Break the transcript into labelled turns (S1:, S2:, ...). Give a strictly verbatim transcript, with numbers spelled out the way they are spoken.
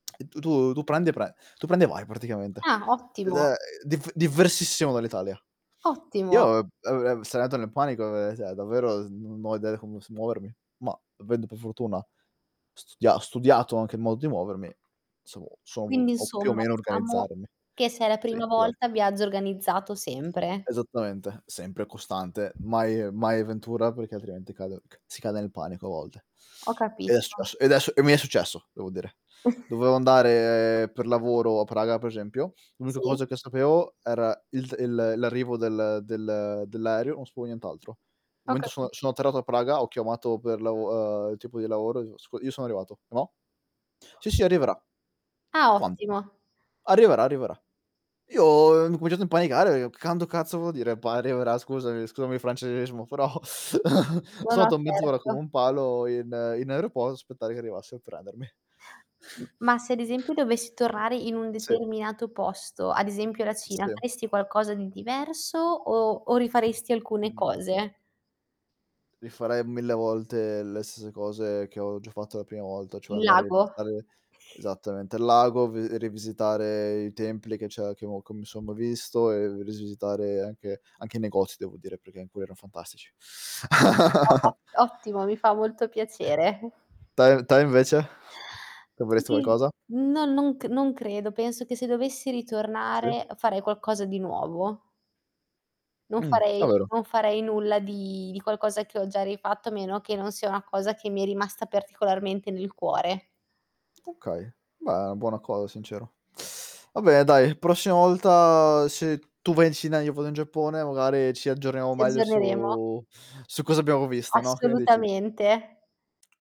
S1: Tu tu tu prendi e pre tu prendi e vai praticamente.
S2: Ah,
S1: Ed
S2: ottimo.
S1: è div divversissimo dall'Italia.
S2: Ottimo.
S1: Io, ehm, [unintelligible] sarei andato nel panico, ehm, ceh davvero non ho idea com s muovermi, ma avendo per fortuna studia studiato anche il modo di muovermi, sono sono u
S2: Quindi
S1: ho più o
S2: insomma
S1: meno
S2: diciamo
S1: organizzarmi.
S2: che se è la
S1: Sì,
S2: prima
S1: esat
S2: volta, viaggio organizzato sempre.
S1: Esattamente, sempre costante, mai mai avventura, perché altrimenti cade c si cade nel panico a volte.
S2: Ho
S1: Ed è s è
S2: capito.
S1: s ed e s e mi è successo, devo dire. Dovevo andare per lavoro a Praga, per esempio. L'unica
S2: Sì.
S1: cosa che sapevo era il d il l'arrivo del del dell'aereo, non sapevo nient'altro.
S2: Ho
S1: Momento sono
S2: capi
S1: sono atterrato a Praga, ho chiamato per lav ehm, il tipo di lavoro, ico: "Io sono arrivato, e mò?" "Sì, sì arriverà".
S2: Ah,
S1: "Quando?"
S2: ottimo.
S1: "Arriverà, arriverà." Io, ehm, ho incominciato a impanicare e che quando cazzo vuol dire p arriverà, scusami scusami il francesismo, però
S2: No,
S1: son
S2: no.
S1: ato mezz'ora come
S2: Certo.
S1: un palo in in aeropo a aspettare che arrivasse a prendermi.
S2: M ma se ad esempio dovessi tornare in un
S1: Sì.
S2: determinato posto, ad esempio la Cina,
S1: Sì.
S2: faresti qualcosa di diverso o o rifaresti alcune
S1: Mh-mh, mh.
S2: cose?
S1: Rifarei mille volte le stesse cose che ho già fatto la prima volta, cioè
S2: Il
S1: andare a
S2: lago.
S1: visitare esattamente, il lago, v rivisitare i templi che c'è che ho co mi son ma visto e risisitare anche anche i negozi devo dire, perché in cui erano fantastici.
S2: [unintelligible] Ottimo, mi fa molto piacere.
S1: Te te invece? Cambieresti
S2: [unintelligible]
S1: qualcosa?
S2: No, non c non credo, penso che se dovessi
S1: Sì.
S2: ritornare farei qualcosa di nuovo. Non
S1: Mh,
S2: farei
S1: davvero?
S2: non farei nulla di di qualcosa che ho già rifatto, a meno che non sia una cosa che mi è rimasta particolarmente nel cuore.
S1: Okay, beh è una buona cosa, sincero. Va bene dai, la prossima volta se tu vai in Cina, io vado in Giappone, magari ci aggiorniamo
S2: Ci
S1: meglio
S2: aggiorneremo.
S1: su su cosa abbiamo visto, no, che ne dici?
S2: Assolutamente.